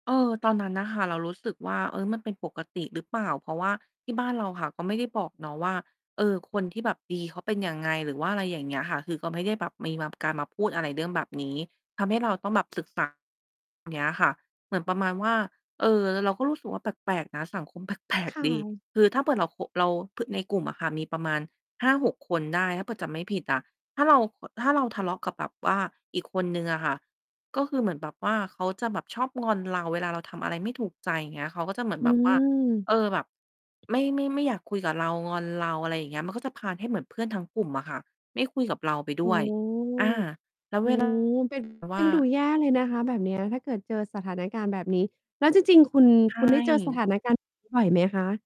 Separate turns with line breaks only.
เออ ตอนนั้นน่ะค่ะ เรารู้สึกว่า "เฮ้ย มันเป็นปกติรึเปล่า?" เพราะว่าที่บ้านเราค่ะก็ไม่ได้บอกเนาะว่า เออ คนที่แบบดี เขาเป็นยังไง หรือว่าอะไรอย่างเงี้ยค่ะ คือก็ไม่ได้แบบมีมา การมาพูด อะไรเรื่องแบบนี้ ทำให้เราต้องแบบศึก ษา เนี้ยค่ะ เหมือนประมาณว่า เออ แล้วเราก็รู้สึกว่า แปลก ๆ นะ สังคม แปลก
ค่
ๆ ดี
ะ
คือถ้าเผื่อเราโขะ เรา พ ในกลุ่มอะค่ะ มีประมาณ 5-6 คนได้ ถ้าเผื่อจำไม่ผิดอะ ถ้าเรา เอ่อ ถ้าเราทะเลาะกับแบบว่าอีกคนหนึ่งอะค่ะ ก็คือเหมือนแบบว่าเขาจะแบบชอบงอนเรา เวลาเราทำอะไรไม่ถูกใจ อย่างเงี้ย เขาก็จะเหมือน
อ
แ
ื
บบว่า
ม
เออ แบบ ไม่ ไม่ ไม่อยากคุยกับเรา งอนเรา อะไรอย่างเงี้ย มันก็จะพาลให้เหมือนเพื่อนทั้งกลุ่มอะค่ะไม่คุยกับเราไปด
โอ
้
้
วย อา แล้ว
โอ
เ
้
ว ลา
เป็น
แบบ
เ
ว
ป
่
็นดู
า
แย่เลยนะคะ แบบเนี้ย ถ้าเกิดเจอสถานการณ์แบบนี้ แล้วจริง ๆ คุณ
ใช
คุณ ได้เจอสถ
่
านการณ์ แบบนี้ บ่อยไหม คะ?